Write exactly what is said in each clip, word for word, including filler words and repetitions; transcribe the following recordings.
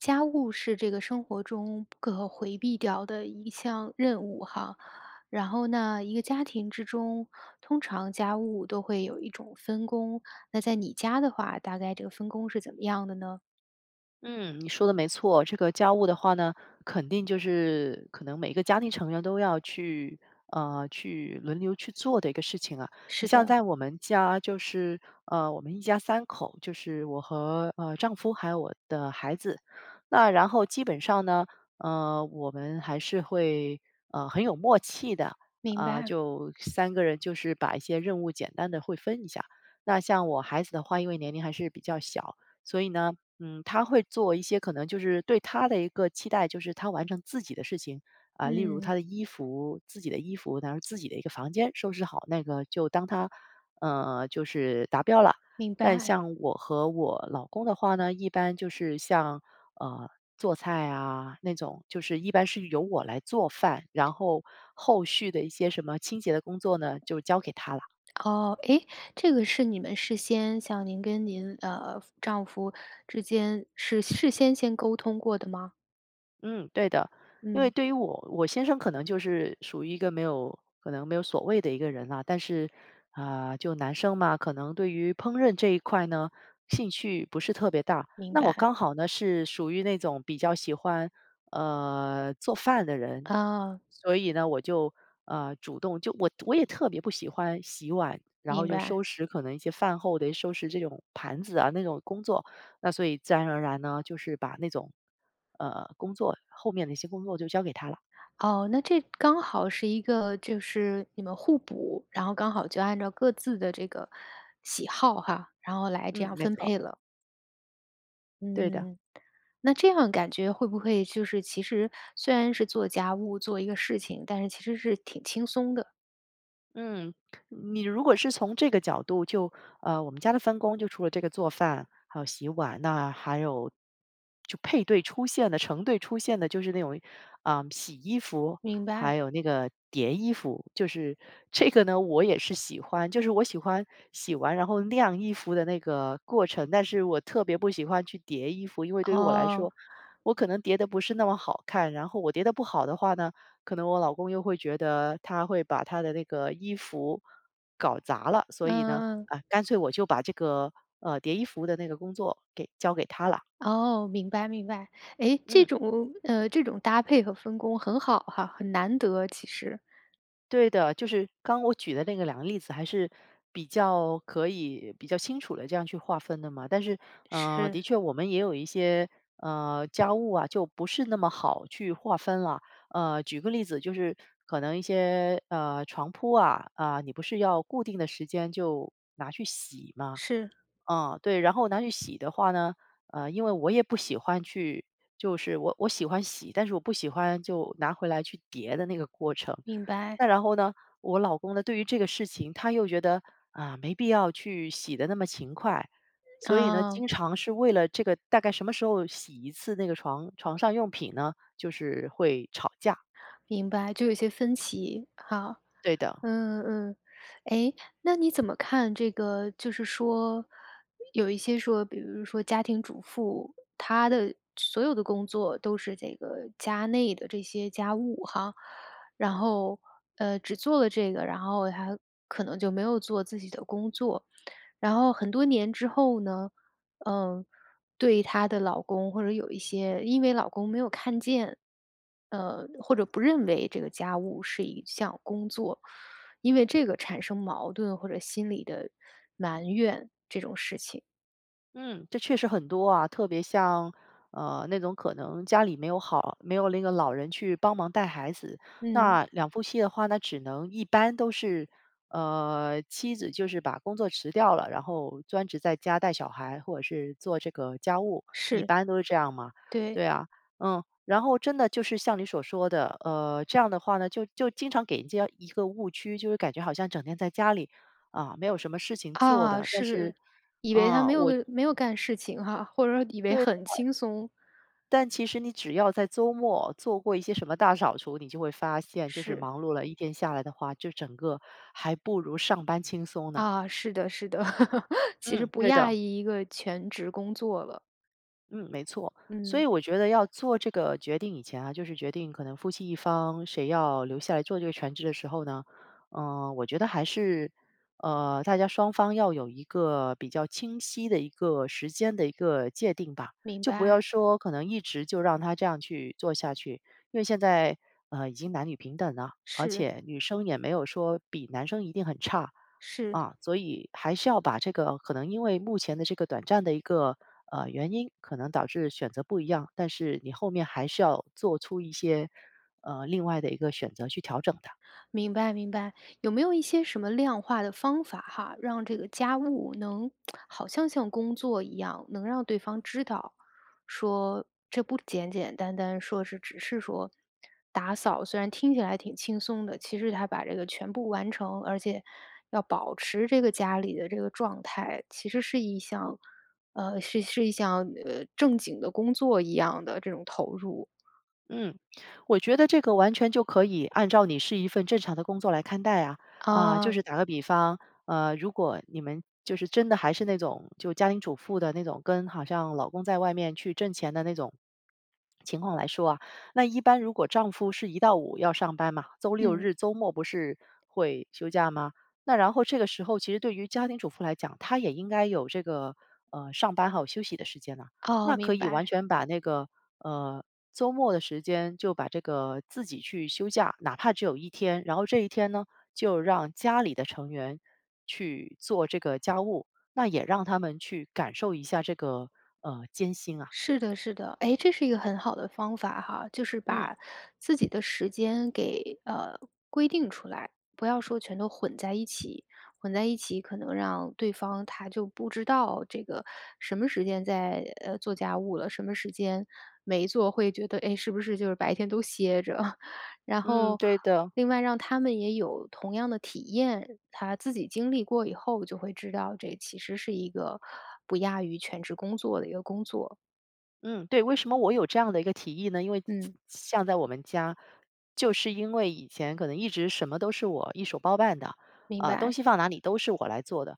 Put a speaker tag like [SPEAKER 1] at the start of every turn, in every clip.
[SPEAKER 1] 家务是这个生活中不可回避掉的一项任务哈。然后呢，一个家庭之中，通常家务都会有一种分工，那在你家的话，大概这个分工是怎么样的呢？
[SPEAKER 2] 嗯，你说的没错，这个家务的话呢，肯定就是可能每个家庭成员都要去呃，去轮流去做的一个事情啊。你
[SPEAKER 1] 是
[SPEAKER 2] 像
[SPEAKER 1] 的。
[SPEAKER 2] 在我们家就是，呃，我们一家三口，就是我和，呃，丈夫，还有我的孩子。那然后基本上呢，呃，我们还是会，呃，很有默契的，
[SPEAKER 1] 明
[SPEAKER 2] 呃，
[SPEAKER 1] 白。
[SPEAKER 2] 就三个人就是把一些任务简单地会分一下。那像我孩子的话，因为年龄还是比较小，所以呢，嗯，他会做一些可能就是对他的一个期待，就是他完成自己的事情。啊，例如他
[SPEAKER 1] 嗯。
[SPEAKER 2] 的衣服，自己的衣服，然后自己的一个房间收拾好，那个就当他，呃，就是达标了。
[SPEAKER 1] 明
[SPEAKER 2] 但
[SPEAKER 1] 白。
[SPEAKER 2] 像我和我老公的话呢，一般就是像，呃，做菜啊，那种，就是一般是由我来做饭，然后后续的一些什么清洁的工作呢，就交给他了。
[SPEAKER 1] 哦，哎，这个是你们事先像您跟您，呃，夫丈夫之间是事先先沟通过的吗？
[SPEAKER 2] 嗯，对的。因为
[SPEAKER 1] 嗯。
[SPEAKER 2] 对于我我先生可能就是属于一个没有，可能没有所谓的一个人了。但是，呃，就男生嘛，可能对于烹饪这一块呢，兴趣不是特别大，
[SPEAKER 1] 明
[SPEAKER 2] 那我
[SPEAKER 1] 白。
[SPEAKER 2] 刚好呢是属于那种比较喜欢，呃，做饭的人。
[SPEAKER 1] 哦。
[SPEAKER 2] 所以呢我就，呃，主动就我我也特别不喜欢洗碗，然后
[SPEAKER 1] 明
[SPEAKER 2] 就
[SPEAKER 1] 白。
[SPEAKER 2] 收拾可能一些饭后的一些收拾这种盘子啊，那种工作。那所以自然而然呢，就是把那种，呃，工作后面的一些工作-就交给他了。
[SPEAKER 1] 哦，那这刚好是一个就是你们互补，然后刚好就按照各自的这个喜好哈，然后来这
[SPEAKER 2] 嗯，
[SPEAKER 1] 样
[SPEAKER 2] 没
[SPEAKER 1] 分
[SPEAKER 2] 错。
[SPEAKER 1] 配了。
[SPEAKER 2] 对的。
[SPEAKER 1] 嗯，那这样感觉会不会就是其实虽然是做家务，做一个事情，但是其实是挺轻松的？
[SPEAKER 2] 嗯，你如果是从这个角度就呃，我们家的分工就除了这个做饭，还有洗碗，那还有就配对出现的、成对出现的就是那种，呃，洗衣服，
[SPEAKER 1] 明
[SPEAKER 2] 还
[SPEAKER 1] 白。
[SPEAKER 2] 有那个叠衣服。就是这个呢，我也是喜欢就是我喜欢洗完然后晾衣服的那个过程，但是我特别不喜欢去叠衣服。因为对于我来说，
[SPEAKER 1] 哦。
[SPEAKER 2] 我可能叠得不是那么好看，然后我叠得不好的话呢，可能我老公又会觉得他会把他的那个衣服搞砸了。所以呢，
[SPEAKER 1] 嗯。
[SPEAKER 2] 啊，干脆我就把这个，呃，叠衣服的那个工作给交给他了。
[SPEAKER 1] 哦，明白，明白。诶，这
[SPEAKER 2] 嗯。
[SPEAKER 1] 种呃，这种搭配和分工很好哈，很难得其实。
[SPEAKER 2] 对的，就是刚我举的那个两个例子还是比较可以比较清楚地这样去划分的嘛。但是，呃，的
[SPEAKER 1] 是。
[SPEAKER 2] 确我们也有一些，呃，家务啊，就不是那么好去划分了。呃，举个例子，就是可能一些，呃，床铺啊，啊，你不是要固定的时间就拿去洗吗？
[SPEAKER 1] 是。
[SPEAKER 2] 啊，对，然后拿去洗的话呢，呃，因为我也不喜欢去就是我我喜欢洗，但是我不喜欢就拿回来去叠的那个过程。
[SPEAKER 1] 明白。
[SPEAKER 2] 那然后呢，我老公呢，对于这个事情，他又觉得，啊，没必要去洗得那么勤快。所以呢，
[SPEAKER 1] 哦。
[SPEAKER 2] 经常是为了这个，大概什么时候洗一次那个床床上用品呢，就是会吵架。
[SPEAKER 1] 明白，就有一些分歧，哦。
[SPEAKER 2] 对的。
[SPEAKER 1] 嗯嗯嗯。诶，那你怎么看这个，就是说，有一些说比如说家庭主妇，她的所有的工作都是这个家内的这些家务哈。然后，呃，只做了这个，然后她可能就没有做自己的工作，然后很多年之后呢，呃，对她的老公或者有一些因为老公没有看见，呃，或者不认为这个家务是一项工作，因为这个产生矛盾或者心理的埋怨这种事情。
[SPEAKER 2] 嗯，这确实很多啊，特别像呃，那种可能家里没有好没有那个老人去帮忙带孩子。
[SPEAKER 1] 嗯。
[SPEAKER 2] 那两夫妻的话，那只能一般都是，呃，妻子就是把工作辞掉了，然后专职在家带小孩，或者是做这个家务，一
[SPEAKER 1] 是。
[SPEAKER 2] 般都是这样嘛。
[SPEAKER 1] 对。
[SPEAKER 2] 对啊，嗯，然后真的就是像你所说的，呃，这样的话呢，就就经常给人家一个误区，就是感觉好像整天在家里，啊，没有什么事情做
[SPEAKER 1] 啊，
[SPEAKER 2] 的，但
[SPEAKER 1] 是，
[SPEAKER 2] 是，
[SPEAKER 1] 以为她
[SPEAKER 2] 啊，
[SPEAKER 1] 没有
[SPEAKER 2] 我
[SPEAKER 1] 个没有干事情哈，或者说以为
[SPEAKER 2] 对的。
[SPEAKER 1] 很轻松。
[SPEAKER 2] 但其实你只要在周末做过一些什么大扫除，你就会发现，就是
[SPEAKER 1] 是。
[SPEAKER 2] 忙碌了一天下来的话，就整个还不如上班轻松呢。
[SPEAKER 1] 啊，是的，是的，其实
[SPEAKER 2] 嗯，
[SPEAKER 1] 不
[SPEAKER 2] 对
[SPEAKER 1] 亚
[SPEAKER 2] 的。
[SPEAKER 1] 于一个全职工作了。
[SPEAKER 2] 嗯，没错，所以
[SPEAKER 1] 嗯。
[SPEAKER 2] 我觉得要做这个决定以前啊，就是决定可能夫妻一方谁要留下来做这个全职的时候呢。呃，我觉得还是，呃，大家双方要有一个比较清晰的一个时间的一个界定吧。
[SPEAKER 1] 明
[SPEAKER 2] 就不要
[SPEAKER 1] 白。
[SPEAKER 2] 说可能一直就让他这样去做下去，因为现在，呃，已经男女平等了，而
[SPEAKER 1] 是。
[SPEAKER 2] 且女生也没有说比男生一定很差。
[SPEAKER 1] 是。
[SPEAKER 2] 啊，所以还是要把这个可能因为目前的这个短暂的一个，呃，原因，可能导致选择不一样，但是你后面还是要做出一些，呃，另外的一个选择去调整的。
[SPEAKER 1] 明白，明白，有没有一些什么量化的方法哈，让这个家务能 好像像工作一样，能让对方知道，说这不简简单单说是，只是说打扫，虽然听起来挺轻松的，其实她把这个全部完成，而且要保持这个家里的这个状态，其实是一项呃，是是一项，呃，正经的工作一样的这种投入。
[SPEAKER 2] 嗯，我觉得这个完全就可以按照你是一份正常的工作来看待啊。啊，就是
[SPEAKER 1] 哦。
[SPEAKER 2] 打个比方，呃，如果你们就是真的还是那种，就家庭主妇的那种，跟好像老公在外面去挣钱的那种情况来说啊，那一般如果丈夫是一到五要上班嘛，周六
[SPEAKER 1] 嗯。
[SPEAKER 2] 日周末不是会休假嘛。那然后这个时候其实对于家庭主妇来讲，她也应该有这个，呃，上班，还有休息的时间呐。
[SPEAKER 1] 哦，
[SPEAKER 2] 那可
[SPEAKER 1] 明
[SPEAKER 2] 以完
[SPEAKER 1] 白。
[SPEAKER 2] 全把那个，呃，周末的时间，就把这个自己去休假，哪怕只有一天。然后这一天呢，就让家里的成员去做这个家务，那也让他们去感受一下这个，呃，艰辛啊。
[SPEAKER 1] 是的是的。诶，这是一个很好的方法哈。就是
[SPEAKER 2] 嗯。
[SPEAKER 1] 把自己的时间给，呃，规定出来，不要说全都混在一起，混在一起可能让对方，他就不知道这个什么时间在，呃，做家务了，什么时间没做会觉得，诶，是不是就是白天都歇着。然
[SPEAKER 2] 嗯，
[SPEAKER 1] 后
[SPEAKER 2] 对的。
[SPEAKER 1] 另外让他们也有同样的体验，他自己经历过以后就会知道这其实是一个，不亚于全职工作的一个工作。
[SPEAKER 2] 嗯，对，为什么我有这样的一个提议呢？因为
[SPEAKER 1] 嗯。
[SPEAKER 2] 像在我们家，就是因为以前可能一直什么都是我一手包办的。
[SPEAKER 1] 明
[SPEAKER 2] 呃，东
[SPEAKER 1] 白。
[SPEAKER 2] 西放哪里都是我来做的，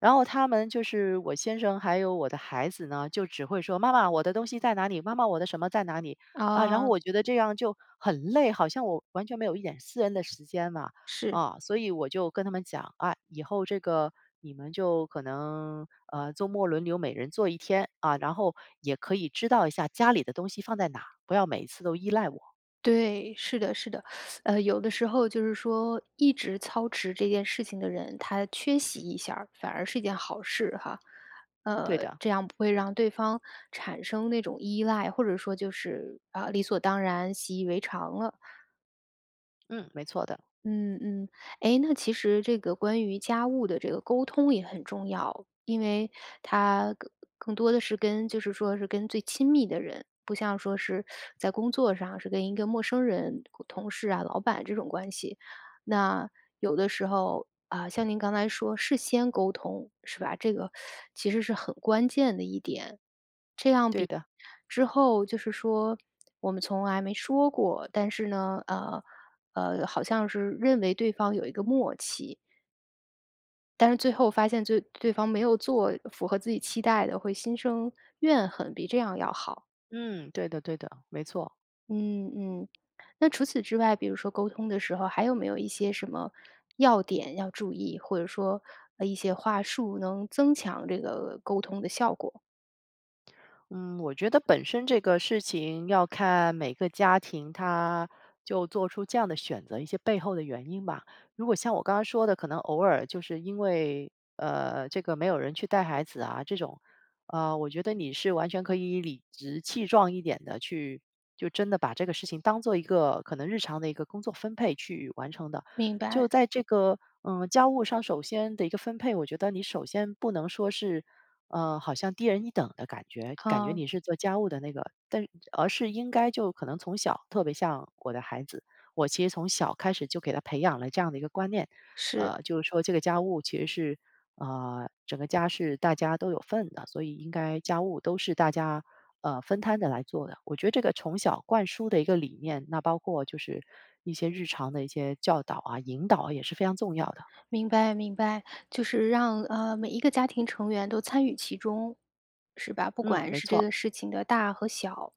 [SPEAKER 2] 然后他们就是我先生还有我的孩子呢，就只会说妈妈，我的东西在哪里？妈妈我的什么在哪里，啊，然后
[SPEAKER 1] 啊。
[SPEAKER 2] 我觉得这样就很累，好像我完全没有一点私人的时间嘛。
[SPEAKER 1] 是。
[SPEAKER 2] 啊，所以我就跟他们讲啊，以后这个你们就可能呃，周末轮流每人做一天啊，然后也可以知道一下家里的东西放在哪，不要每次都依赖我。
[SPEAKER 1] 对，是的是的，呃，有的时候就是说一直操持这件事情的人，他缺席一下，反而是一件好事哈。
[SPEAKER 2] 对
[SPEAKER 1] 呃，
[SPEAKER 2] 的。
[SPEAKER 1] 这样不会让对方产生那种依赖，或者说就是，啊，理所当然，习以为常了。
[SPEAKER 2] 嗯，没错的。
[SPEAKER 1] 嗯，嗯。哎，那其实这个关于家务的这个沟通也很重要，因为它更更多地是跟就是说是跟最亲密的人，不像说是在工作上是跟一个陌生人同同事啊老板这种关系。那有的时候，呃，像您刚才说事先沟通是吧？这个其实是很关键的一点，这样
[SPEAKER 2] 对的。
[SPEAKER 1] 比之后就是说我们从来没说过，但是呢呃，呃，好像是认为对方有一个默契。但是最后发现做对方没有做符合自己期待的会心生怨恨，比这样要好。
[SPEAKER 2] 嗯，对的对的，没错。
[SPEAKER 1] 嗯，嗯，那除此之外，比如说沟通的时候，还有没有一些什么要点要注意，或者说，呃，一些话术能增强这个沟通的效果？
[SPEAKER 2] 嗯，我觉得本身这个事情要看每个家庭它，就做出这样的选择一些背后的元英吧。如果像我刚刚说的，可能偶尔就是因为，呃，这个没有人去带孩子啊这种，呃，我觉得你是完全可以理直气壮一点地去，就真的把这个事情当做一个，可能日常的一个工作分配去完成的。
[SPEAKER 1] 明
[SPEAKER 2] 就
[SPEAKER 1] 白。
[SPEAKER 2] 在这个，呃，家务上首先的一个分配，我觉得你首先不能说是，呃，好像低人一等的感觉，感觉
[SPEAKER 1] 啊。
[SPEAKER 2] 你是做家务的那个，但而是应该就可能从小特别像我的孩子，我其实从小开始就给他培养了这样的一个观念，
[SPEAKER 1] 是。
[SPEAKER 2] 呃，就是说这个家务其实是，呃，整个家是大家都有份的，所以应该家务都是大家，呃，分摊地来做的。我觉得这个从小灌输的一个理念，那包括就是一些日常的一些教导啊、引导啊，也是非常重要的。
[SPEAKER 1] 明白，明白。就是让，呃，每一个家庭成员都参与其中是吧？不
[SPEAKER 2] 嗯，
[SPEAKER 1] 管
[SPEAKER 2] 没
[SPEAKER 1] 是这
[SPEAKER 2] 错。
[SPEAKER 1] 个事情的大和小，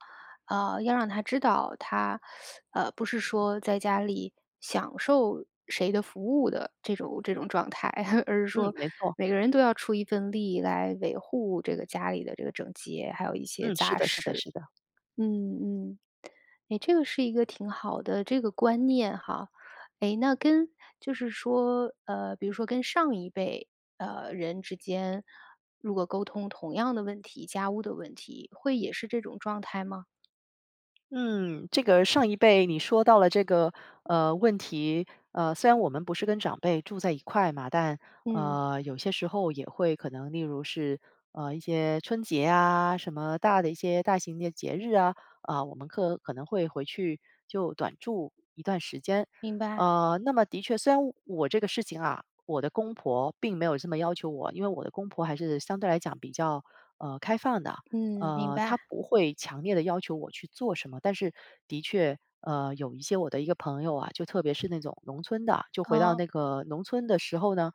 [SPEAKER 1] 呃，要让他知道他，呃，不是说在家里享受谁的服务的这种这种状态，而是
[SPEAKER 2] 嗯，
[SPEAKER 1] 说
[SPEAKER 2] 没错。
[SPEAKER 1] 每个人都要出一份力来维护这个家里的这个整洁，还有一些
[SPEAKER 2] 嗯，是
[SPEAKER 1] 杂
[SPEAKER 2] 的是的
[SPEAKER 1] 事。
[SPEAKER 2] 是的。
[SPEAKER 1] 嗯，嗯，诶，这个是一个挺好的这个观念哈。诶，那跟就是说，呃，比如说跟上一辈，呃，人之间，如果沟通同样的问题，家务的问题，会也是这种状态吗？
[SPEAKER 2] 嗯，这个上一辈，你说到了这个，呃，问题。呃，虽然我们不是跟长辈住在一块嘛，但
[SPEAKER 1] 嗯。
[SPEAKER 2] 呃，有些时候也会可能，例如是，呃，一些春节啊，什么大的一些，大型的节日啊，呃，我们可可能会回去就短住一段时间。
[SPEAKER 1] 明白。
[SPEAKER 2] 呃，那么的确，虽然我这个事情啊，我的公婆并没有这么要求我，因为我的公婆还是相对来讲比较呃，开放的。
[SPEAKER 1] 嗯，明
[SPEAKER 2] 呃，他
[SPEAKER 1] 白。
[SPEAKER 2] 不会强烈地要求我去做什么。但是，的确呃，有一些我的一个朋友啊，就特别是那种农村的，就回到
[SPEAKER 1] 哦。
[SPEAKER 2] 那个农村的时候呢，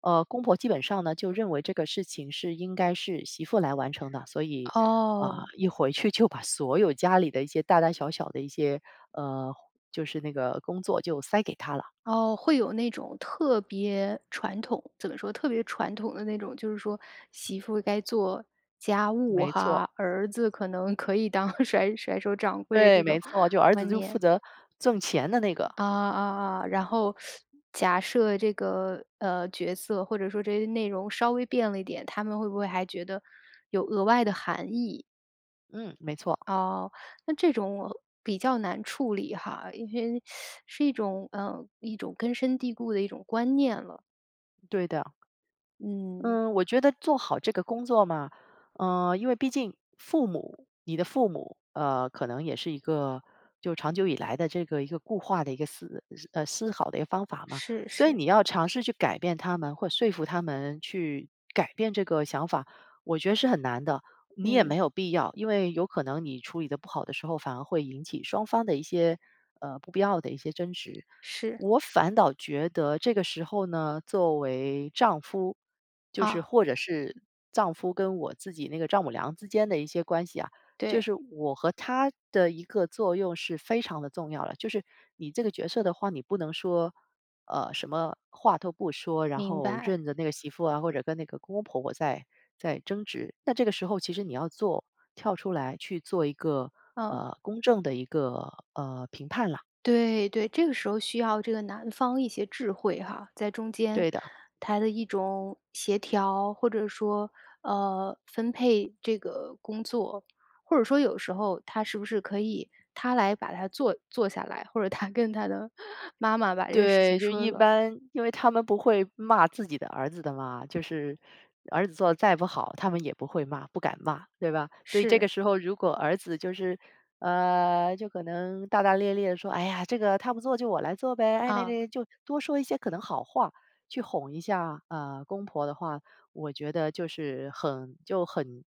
[SPEAKER 2] 呃，公婆基本上呢，就认为这个事情是应该是媳妇来完成的，所以，呃，
[SPEAKER 1] 哦。
[SPEAKER 2] 一回去就把所有家里的一些大大小小的一些，呃，就是那个工作就塞给她了。
[SPEAKER 1] 哦，会有那种特别传统，怎么说？特别传统的那种，就是说媳妇该做家务
[SPEAKER 2] 没
[SPEAKER 1] 哈，
[SPEAKER 2] 错。
[SPEAKER 1] 儿子可能可以当甩甩手掌柜
[SPEAKER 2] 对，
[SPEAKER 1] 这
[SPEAKER 2] 没
[SPEAKER 1] 种观
[SPEAKER 2] 错，就儿子就负
[SPEAKER 1] 念。
[SPEAKER 2] 责挣钱的那个。
[SPEAKER 1] 啊，啊啊。然后，假设这个，呃，角色，或者说这些内容稍微变了一点，他们会不会还觉得有额外的含义？
[SPEAKER 2] 嗯，没错。
[SPEAKER 1] 哦，那这种我比较难处理哈。因为 是一种呃，一种根深蒂固的一种观念了。
[SPEAKER 2] 对的。
[SPEAKER 1] 嗯。
[SPEAKER 2] 嗯，我觉得做好这个工作嘛，呃，因为毕竟父母你的父母，呃，可能也是一个就长久以来的这个一个固化的一个思呃，思考的一个方法嘛。
[SPEAKER 1] 是，
[SPEAKER 2] 所以
[SPEAKER 1] 是。
[SPEAKER 2] 你要尝试去改变他们或说服他们去改变这个想法我觉得是很难的。你也没
[SPEAKER 1] 嗯。
[SPEAKER 2] 有必要，因为有可能你处理得不好的时候，反而会引起双方的一些，呃，不必要的一些争执。
[SPEAKER 1] 是。
[SPEAKER 2] 我反倒觉得这个时候呢，作为丈夫，就是
[SPEAKER 1] 啊。
[SPEAKER 2] 或者是丈夫跟我自己那个丈母娘之间的一些关系啊，就
[SPEAKER 1] 对。
[SPEAKER 2] 是我和她的一个作用是非常地重要的。就是你这个角色的话，你不能说，呃，什么话都不说，然
[SPEAKER 1] 明
[SPEAKER 2] 后
[SPEAKER 1] 白。
[SPEAKER 2] 任着那个媳妇啊，或者跟那个公公婆婆在在争执。那这个时候其实你要做跳出来去做一个，
[SPEAKER 1] 哦。
[SPEAKER 2] 呃，公正的一个，呃，评判了。
[SPEAKER 1] 对，对，这个时候需要这个男方一些智慧哈，在中间
[SPEAKER 2] 对的。
[SPEAKER 1] 他的一种协调，或者说呃，分配这个工作。或者说有时候他是不是可以，他来把它坐坐下来，或者他跟他的妈妈把这个事
[SPEAKER 2] 对，
[SPEAKER 1] 情
[SPEAKER 2] 就
[SPEAKER 1] 说
[SPEAKER 2] 一
[SPEAKER 1] 了。
[SPEAKER 2] 般，因为他们不会骂自己的儿子的嘛，就是儿子做得再不好，他们也不会骂、不敢骂，对吧？所以这个
[SPEAKER 1] 是。
[SPEAKER 2] 时候如果儿子就是呃，就可能大大咧咧地说：“哎呀，这个她不做就我来做呗，哎，那
[SPEAKER 1] 嗯。
[SPEAKER 2] 那”就多说一些可能好话去哄一下，呃，公婆的话，我觉得就是很就很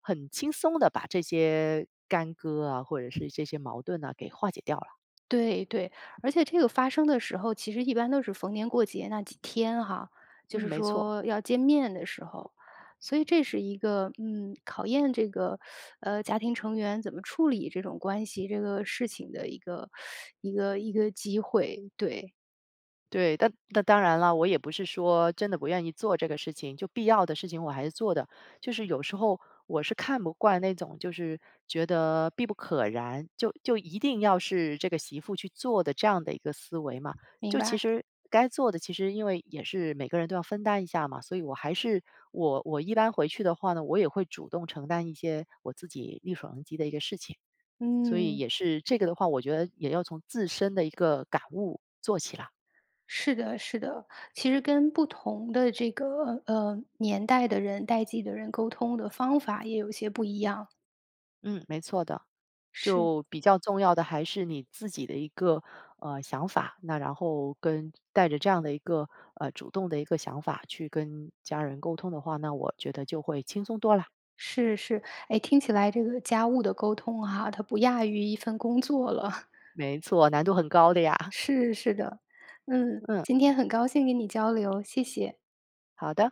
[SPEAKER 2] 很轻松地把这些干戈啊，或者是这些矛盾啊给化解掉了。
[SPEAKER 1] 对，对，而且这个发生的时候，其实一般都是逢年过节那几天哈，就
[SPEAKER 2] 嗯，
[SPEAKER 1] 是
[SPEAKER 2] 没错。
[SPEAKER 1] 说要见面的时候。所以这是一个嗯，考验这个 呃，家庭成员怎么处理这种关系这个事情的一个- 一个一个机会。对。
[SPEAKER 2] 对，但那当然了，我也不是说真的不愿意做这个事情。就必要的事情，我还是做的。就是有时候我是看不惯那种，就是觉得必不可然，就就一定要是这个媳妇去做的这样的一个思维嘛，
[SPEAKER 1] 明
[SPEAKER 2] 就其
[SPEAKER 1] 白。
[SPEAKER 2] 实该做的，其实因为也是每个人都要分担一下嘛，所以我还是，我我一般回去的话呢，我也会主动承担一些我自己力所能及的一个事情。所以
[SPEAKER 1] 嗯。
[SPEAKER 2] 也是这个的话，我觉得也要从自身的一个感悟做起了。
[SPEAKER 1] 是的，是的，其实跟不同的这个，呃，年代的人、代际的人，沟通的方法也有一些不一样。
[SPEAKER 2] 嗯，没错的。
[SPEAKER 1] 是。
[SPEAKER 2] 就比较重要的还是你自己的一个，呃，想法，那然后跟带着这样的一个，呃，主动的一个想法，去跟家人沟通的话，那我觉得就会轻松多啦。
[SPEAKER 1] 是是。哎，听起来这个家务的沟通哈，它不亚于一份工作了。
[SPEAKER 2] 没错，难度很高的呀。
[SPEAKER 1] 是，是的。嗯，
[SPEAKER 2] 嗯。
[SPEAKER 1] 今天很高兴跟你交流，谢谢。
[SPEAKER 2] 好的。